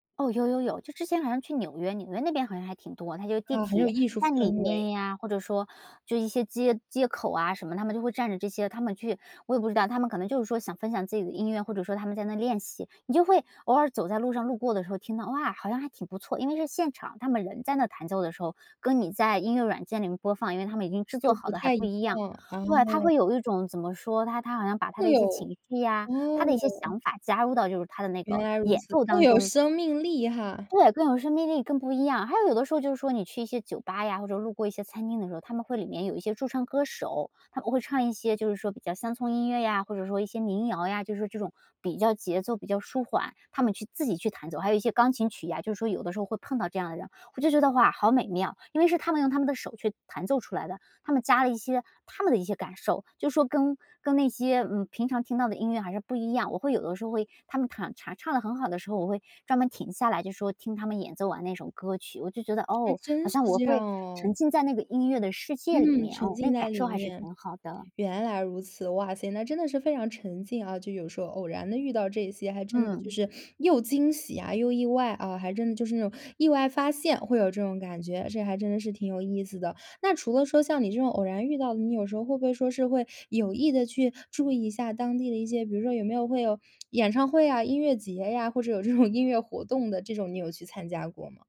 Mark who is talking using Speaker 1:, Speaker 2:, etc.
Speaker 1: 哦，有有有，就之前好像去纽约，纽约那边好像还挺多，它有地
Speaker 2: 啊，很有
Speaker 1: 铁
Speaker 2: 艺术
Speaker 1: 站里
Speaker 2: 氛围。
Speaker 1: 面呀，或者说就一些街街口什么，他们就会站着这些他们去我也不知道，他们可能就是说，想分享自己的音乐，或者说他们在那练习，你就会偶尔走在路上，路过的时候听到，哇，好像还挺不错，因为是现场他们人在那弹奏的时候，跟你在音乐软件里面播放，因为他们已经制
Speaker 2: 就
Speaker 1: 作好
Speaker 2: 不
Speaker 1: 的还
Speaker 2: 太
Speaker 1: 不
Speaker 2: 一
Speaker 1: 一样。
Speaker 2: 样，
Speaker 1: 对，他
Speaker 2: 哦。
Speaker 1: 会有一种怎么说，他他好像把他
Speaker 2: 会
Speaker 1: 的一些
Speaker 2: 有，
Speaker 1: 情绪呀，他的一些
Speaker 2: 哦。
Speaker 1: 想法加入到就是他的那
Speaker 2: 原
Speaker 1: 个
Speaker 2: 来如
Speaker 1: 演
Speaker 2: 此，
Speaker 1: 奏
Speaker 2: 更
Speaker 1: 当
Speaker 2: 有
Speaker 1: 中。
Speaker 2: 生命力哈。
Speaker 1: 对，更有生命力，更不一样，还有有的时候就是说你去一些酒吧呀，或者路过一些餐厅的时候，他们会里面有一些驻唱歌手，他们会唱一些，就是说比较乡村音乐呀，或者说一些民谣呀，就是这种比较节奏比较舒缓，他们去自己去弹奏，还有一些钢琴曲啊，就是说有的时候会碰到这样的人。我就觉得，哇，好美妙，因为是他们用他们的手去弹奏出来的，他们加了一些他们的一些感受，就说跟跟那些，嗯，平常听到的音乐还是不一样，我会有的时候会他们唱唱得很好的时候，我会专门停下来就说听他们演奏完那种歌曲，我就觉得，
Speaker 2: 还
Speaker 1: 哦，
Speaker 2: 真
Speaker 1: 好
Speaker 2: 是
Speaker 1: 像我
Speaker 2: 这样
Speaker 1: 会沉
Speaker 2: 哦。
Speaker 1: 浸在那个音乐的世界里
Speaker 2: 嗯，
Speaker 1: 面，
Speaker 2: 沉
Speaker 1: 嗯，那
Speaker 2: 浸
Speaker 1: 个
Speaker 2: 在
Speaker 1: 感受
Speaker 2: 里
Speaker 1: 还是
Speaker 2: 面，
Speaker 1: 挺好的。
Speaker 2: 原来如此，哇塞，那真的是非常沉浸啊，就有时候偶然地遇到这些，还真的就
Speaker 1: 嗯。
Speaker 2: 是又惊喜啊，又意外啊，还真的就是那种，意外发现会有这种感觉，这还真的是挺有意思的。那除了说，像你这种偶然遇到的，你有时候会不会说是会有意地去注意一下当地的一些，比如说，有没有会有演唱会啊，音乐节呀，或者有这种音乐活动的，这种你有去参加过么？